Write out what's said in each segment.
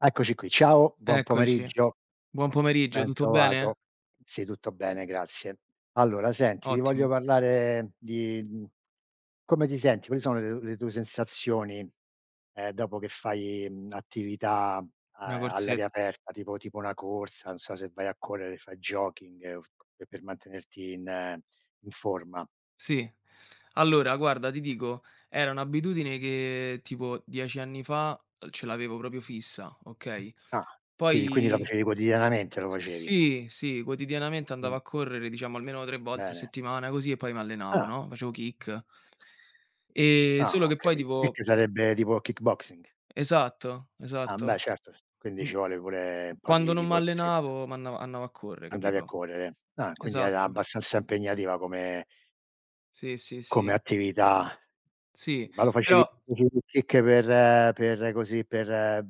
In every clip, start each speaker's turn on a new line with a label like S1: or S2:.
S1: Eccoci qui, ciao, buon
S2: Eccoci.
S1: pomeriggio.
S2: Buon pomeriggio,
S1: Ben
S2: tutto bene?
S1: trovato. Sì, tutto bene, grazie. Allora senti, ti voglio
S2: Ottimo.
S1: parlare di mhmm come ti senti, quali sono le le tue sensazioni, ehm, dopo che fai, mhmm, attività a
S2: Una
S1: a all'aria
S2: corsetta.
S1: aperta, tipo tipo una corsa, non so se vai a correre, fai jogging, ehm, c per mantenerti in in forma?
S2: Sì. Allora guarda ti dico, era un'abitudine che tipo 10 anni fa, ehm, ce l'avevo proprio fissa, okay.
S1: Ah. Quini quindi la
S2: Poi
S1: facevi quotidianamente lo facevi?
S2: sì, sì quotidianamente andavo
S1: Mh.
S2: a correre diciamo almeno 3 volte a
S1: Bene.
S2: settimana così e poi mi allenavo,
S1: Ah.
S2: no. Facevo kick. Ehm,
S1: Ah,
S2: solo
S1: ho
S2: che poi
S1: capito.
S2: tipo
S1: Kick sarebbe tipo kick boxing?
S2: Esatto,
S1: Ah, ehm beh
S2: esatto.
S1: certo s quindi
S2: Mh
S1: ci vuole pure un po'
S2: quando
S1: di di
S2: non
S1: corsetta.
S2: m'allenavo, andavo andavo a correre,
S1: Andavi a
S2: capito.
S1: correre. Ah, quindi era
S2: Esatto.
S1: abbastanza impegnativa come
S2: Sì, sì,
S1: come
S2: sì.
S1: attività.
S2: Sì,
S1: Ma lo facevi
S2: però
S1: facevi il kick per per così per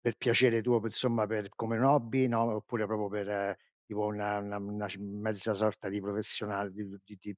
S1: per piacere tuo, per somma per come un hobby, no, oppure proprio per tipo una una una ci m mezza sorta di professional di di ti ti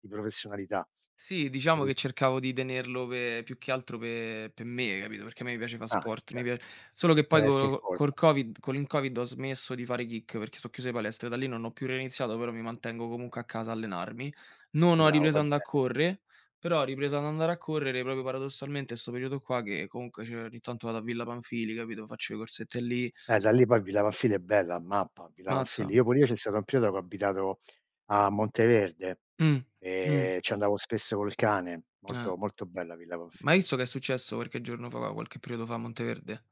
S1: di professionalità?
S2: Sì diciamo
S1: Capit
S2: che cercavo di tenerlo pe più che altro pe per me capito, perché a me piace fa
S1: Ah
S2: sport. Mi
S1: cer
S2: pia solo
S1: per
S2: che poi
S1: tenerti
S2: colo
S1: in
S2: co col
S1: forma.
S2: Covid con il Covid ho smesso di fare kick perché so' chiuse palestre e da lì non ho più reiniziato, però mi mantengo comunque a casa allenarmi. Non ho
S1: Bravo,
S2: ripreso
S1: fai
S2: andare
S1: bene.
S2: correre, però ho ripreso ad andare a correre proprio paradossalmente sto periodo qua che, comunque, cioè ogni tanto vado a Villa Pamphili, capito; faccio le corsette lì.
S1: Eh, da lì poi Villa Pamphili è bella, ammappa. Villa Pamphili.
S2: Mazza.
S1: Io pure io c'è stato un periodo che ho abitato a Monteverde,
S2: Mh, mh.
S1: ehm, ci andavo spesso col cane.
S2: Eh.
S1: Molto, molto bella Villa
S2: Ma hai
S1: Pamphili.
S2: visto che è successo qualche giorno fa qualche periodo fa a Monteverde?